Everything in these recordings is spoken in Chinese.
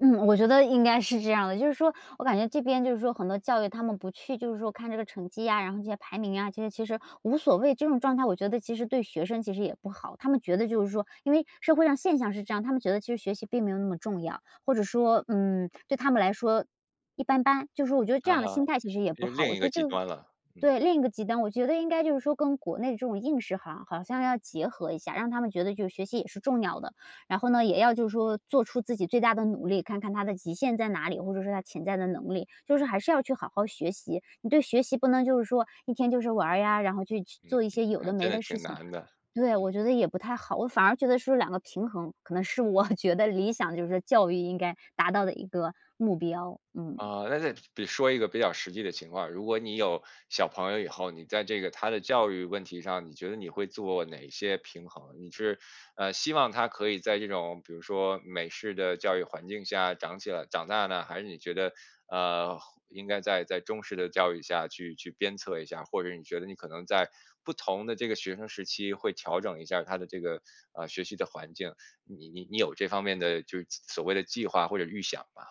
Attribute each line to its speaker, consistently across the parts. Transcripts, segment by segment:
Speaker 1: 嗯，我觉得应该是这样的。就是说我感觉这边就是说很多教育他们不去就是说看这个成绩呀，然后这些排名啊，这些其实无所谓，这种状态我觉得其实对学生其实也不好。他们觉得就是说因为社会上现象是这样，他们觉得其实学习并没有那么重要，或者说，嗯，对他们来说一般般，就说我觉得这
Speaker 2: 啊
Speaker 1: 样的
Speaker 2: 哈，
Speaker 1: 心态其实也不
Speaker 2: 就
Speaker 1: 好，我
Speaker 2: 另一
Speaker 1: 觉
Speaker 2: 个
Speaker 1: 得
Speaker 2: 极
Speaker 1: 就是
Speaker 2: 端了，嗯。
Speaker 1: 对，另一个极端。我觉得应该就是说跟国内的这种应试哈，好像要结合一下，让他们觉得就是学习也是重要的，然后呢，也要就是说做出自己最大的努力，看看他的极限在哪里，或者是他潜在的能力。就是还是要去好好学习，你对学习不能就是说一天就是玩呀，然后就去
Speaker 2: 嗯，
Speaker 1: 做一些有
Speaker 2: 还
Speaker 1: 的
Speaker 2: 真
Speaker 1: 没
Speaker 2: 的
Speaker 1: 的事
Speaker 2: 挺
Speaker 1: 情
Speaker 2: 难的。
Speaker 1: 对，
Speaker 2: 嗯。
Speaker 1: 我觉得也不太好，我反而觉得是两个平衡，可能是我觉得理想就是教育应该达到的一个目标。嗯。
Speaker 2: 啊，那再得说一个比较实际的情况，如果你有小朋友以后，你在这个他的教育问题上，你觉得你会做哪些平衡？你是，呃，希望他可以在这种比如说美式的教育环境下长起来长大呢？还是你觉得，呃，应该在在中式的教育下去去鞭策一下，或者你觉得你可能在不同的这个学生时期会调整一下他的这个，呃，学习的环境？你你你有这方面的就是所所谓的计划或者预想吗？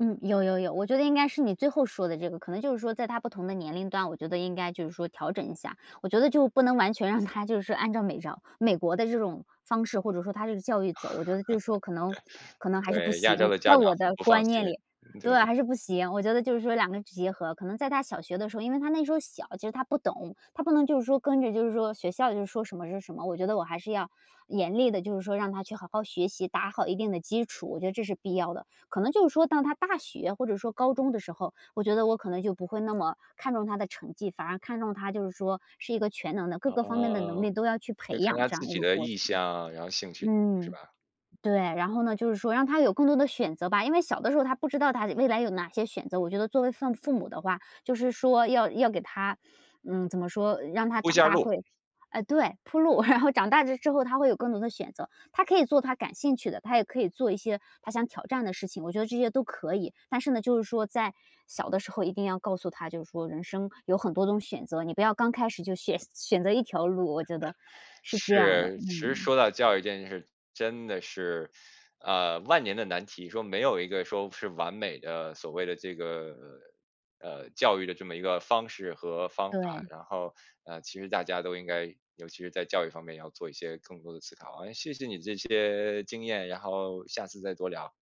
Speaker 1: 嗯，有有有，我觉得应该是你最后说的这个，可能就是说在他不同的年龄段，我觉得应该就是说调整一下。我觉得就不能完全让他就是按照美照美国的这种方式，或者说它这个教育走，我觉得就是说可能 可能还是不
Speaker 2: 对，亚洲
Speaker 1: 行。
Speaker 2: 的
Speaker 1: 在
Speaker 2: 家长
Speaker 1: 我
Speaker 2: 很
Speaker 1: 的
Speaker 2: 不放
Speaker 1: 观
Speaker 2: 心，
Speaker 1: 念里对，
Speaker 2: 对。
Speaker 1: 还是不行，我觉得就是说两个结合，可能在他小学的时候，因为他那时候小其实他不懂，他不能就是说跟着就是说学校就说什么是什么，我觉得我还是要严厉的，就是说让他去好好学习，打好一定的基础，我觉得这是必要的。可能就是说当他大学或者说高中的时候，我觉得我可能就不会那么看中他的成绩，反而看中他就是说是一个全能的各个方面的能
Speaker 2: 哦，
Speaker 1: 力都要去培
Speaker 2: 就看
Speaker 1: 养
Speaker 2: 他
Speaker 1: 这
Speaker 2: 自
Speaker 1: 样一
Speaker 2: 己
Speaker 1: 个
Speaker 2: 的
Speaker 1: 过程。
Speaker 2: 意向，然后兴趣，是
Speaker 1: 嗯，
Speaker 2: 吧？
Speaker 1: 对，然后呢，就是说让他有更多的选择吧，因为小的时候他不知道他未来有哪些选择，我觉得作为像父父母的话，就是说要要给他嗯，怎么说让他
Speaker 2: 铺
Speaker 1: 长
Speaker 2: 下
Speaker 1: 大
Speaker 2: 路。
Speaker 1: 会，呃，对，铺路，然后长大之后他会有更多的选择，他可以做他感兴趣的，他也可以做一些他想挑战的事情，我觉得这些都可以。但是呢，就是说在小的时候一定要告诉他，就是说人生有很多种选择，你不要刚开始就选选择一条路，我 觉得是这样儿的。
Speaker 2: 是，其实
Speaker 1: 嗯。
Speaker 2: 说到教育这件事真的是，呃，万年的难题，说没有一个说是完美的所谓的这个，呃，教育的这么一个方式和方法。
Speaker 1: 对。
Speaker 2: 然后，呃，其实大家都应该尤其是在教育方面要做一些更多的思考。哎，谢谢你这些经验，然后下次再多聊。